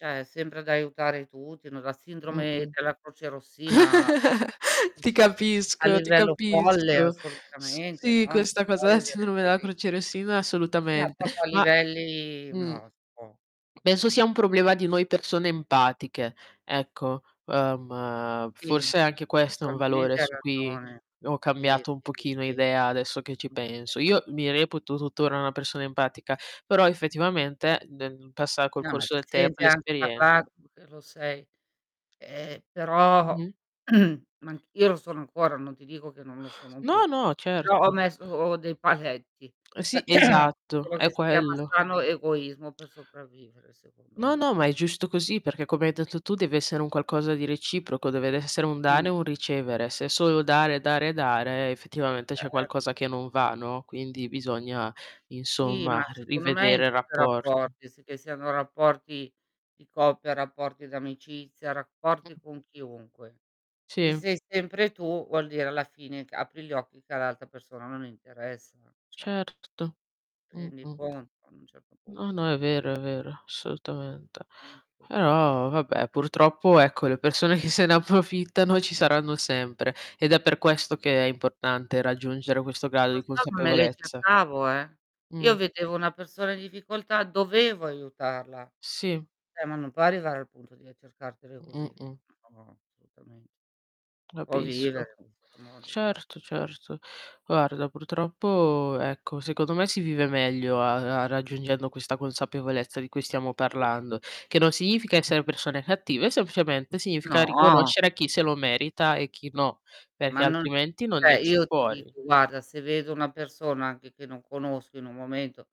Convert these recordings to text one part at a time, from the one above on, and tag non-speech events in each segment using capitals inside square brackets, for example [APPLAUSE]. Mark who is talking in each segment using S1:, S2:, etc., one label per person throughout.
S1: Cioè, è sempre ad aiutare tutti, no, la
S2: Mh,
S1: sindrome
S2: mh.
S1: della crocerossina mhmm,
S2: [CHUCKLES] Ti
S1: mhmm, a
S2: capisco, ti
S1: livello folle
S2: capisco. S
S1: assolutamente,
S2: sì,
S1: no.
S2: questa
S1: Può
S2: cosa da
S1: vivere
S2: sindrome della
S1: cosi.
S2: crocerossina
S1: Sì, no,
S2: assolutamente,
S1: proprio a
S2: ma
S1: livelli no,
S2: mh.
S1: non si può,
S2: Penso
S1: [UNINTELLIGIBLE]
S2: sia un problema di noi persone empatiche, ecco. Ehm,
S1: Sì.
S2: forse anche questo è un valore
S1: Probabilmente ha
S2: su cui
S1: ragione.
S2: ho
S1: Sì,
S2: cambiato un
S1: sì,
S2: pochino
S1: sì.
S2: idea adesso che ci
S1: Okay.
S2: penso. Io mi reputo tuttora una persona empatica, però effettivamente nel passa col
S1: No, ma
S2: corso del temp l'
S1: [UNINTELLIGIBLE]
S2: esperienze.
S1: uhm, lo sei. Ehm, però,
S2: Mh-mh.
S1: [CLEARS THROAT] ma anc io sono ancora, non ti dico che non lo sono
S2: No,
S1: più,
S2: no.
S1: però ho
S2: certo.
S1: messo dei paletti,
S2: Sì,
S1: [CLEARS THROAT]
S2: esatto.
S1: quello
S2: È
S1: che si chiama
S2: quello.
S1: sano egoismo per sopravvivere secondo
S2: No, no.
S1: me.
S2: Ma è giusto così perché come hai etto tu tu deve essere un qualcosa di reciproco, deve ve essere un
S1: Mh.
S2: dare e un ricevere. Se solo dare, dare, dare effettivamente c'è
S1: Eh.
S2: qualcosa che non va, no, quindi bisogna
S1: Sì,
S2: insomma
S1: ma
S2: ri
S1: secondo me
S2: rivedere
S1: in
S2: il
S1: tutti i
S2: rapporto.
S1: rapporti, s che siano rapporti di coppia, rapporti d'amicizia,
S2: Mh.
S1: rapporti con chiunque. Se
S2: Sì.
S1: sei sempre tu, vuol dire alla fine che apri gli occhi che all'altra persona non interessa, cioè
S2: Certo.
S1: Ti
S2: Mh,
S1: rendi
S2: mh.
S1: conto ad un certo
S2: No,
S1: punto.
S2: no, è vero, è vero, assolutamente.
S1: [UNINTELLIGIBLE]
S2: Però, vabbè, purtroppo ecco le persone che se ne approfittano ci saranno sempre ed è per questo che è importante raggiungere questo grado
S1: Lo
S2: di
S1: so, me le
S2: consapevolezza.
S1: cercavo eh.
S2: Mh.
S1: Io vedevo una persona in difficoltà, dovevo aiutarla.
S2: Sì.
S1: Eh, ma non può arrivare al punto di, eh, cercartele così.
S2: Mh-mh.
S1: No, assolutamen O vivere
S2: Rapisco.
S1: in questo modo, guar
S2: Certo, certo. Guarda, purtroppo ecco, secondo me si vive meglio a a raggiungendo questa consapevolezza di cui stiamo
S1: Mh.
S2: parlando, che non significa essere persone cattive, semplicemente significa
S1: No.
S2: riconoscere chi se lo merita e chi no,
S1: Ma
S2: perché
S1: non
S2: altrimenti non ne
S1: cioè,
S2: esce
S1: io ti
S2: fuori.
S1: dico, guarda, se vedo una persona anche che non conosco in un momento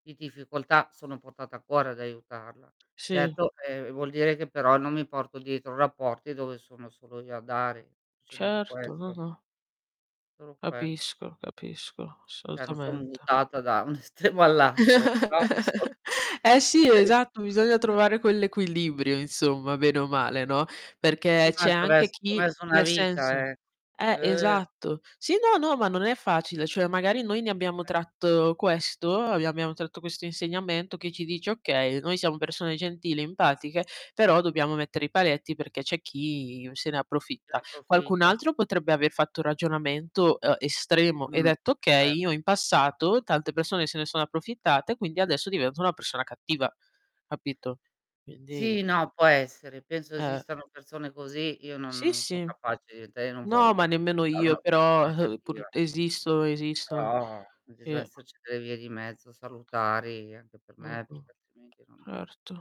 S1: di difficoltà sono portata a cuore ad aiutarla.
S2: Sì.
S1: Certo, ehm, vuol dire che però non mi porto dietro rapporti dove sono solo io a dare, semplicemente
S2: Certo,
S1: questo.
S2: ah-ah.
S1: Solo quel
S2: Capisco, capisco,
S1: Cioè, non son
S2: assolutamente.
S1: mutata da un estremo all'altro. Però, solo
S2: [CHUCKLES] Eh, sì,
S1: ques
S2: esatto. Bisogna
S1: eh.
S2: trovare quell'equilibrio insomma bene o male, no, perché
S1: Sì,
S2: c'è
S1: ma c'ho ves
S2: anche
S1: c'ho
S2: chi
S1: messo una
S2: nel
S1: vita
S2: senso
S1: eh.
S2: eh,
S1: Eh!
S2: esatto. Sì, no, no, ma non è facile. Cioè, magari noi ne abbiamo
S1: E
S2: tratto questo, abbi abbiamo tratto questo insegnamento che ci dice: "Okay, noi siamo persone gentili, empatiche, però dobbiamo mettere i paletti perché c'è chi se ne
S1: Ne
S2: approfitta." Qualcun
S1: approfitta.
S2: altro potrebbe aver fatto un ragionamento, uhm, estremo e
S1: Mh.
S2: detto: "Okay,
S1: Eh.
S2: io in passato tante persone se ne sono approfittate quindi adesso divento una persona cattiva." Capito? Quindi
S1: Sì, no, può essere. Penso
S2: Eh.
S1: esistano persone così, io no non
S2: Sì,
S1: non sono
S2: sì.
S1: capace di diventare e non
S2: No, ma
S1: voglio
S2: nemmeno
S1: diventare
S2: io
S1: una
S2: però,
S1: persona
S2: uhm, pur
S1: cattiva
S2: esistono, esistono.
S1: però, bis deve
S2: Sì.
S1: esserci delle vie di mezzo salutari anche per me,
S2: Mh-mh.
S1: perché altrimenti non
S2: Certo.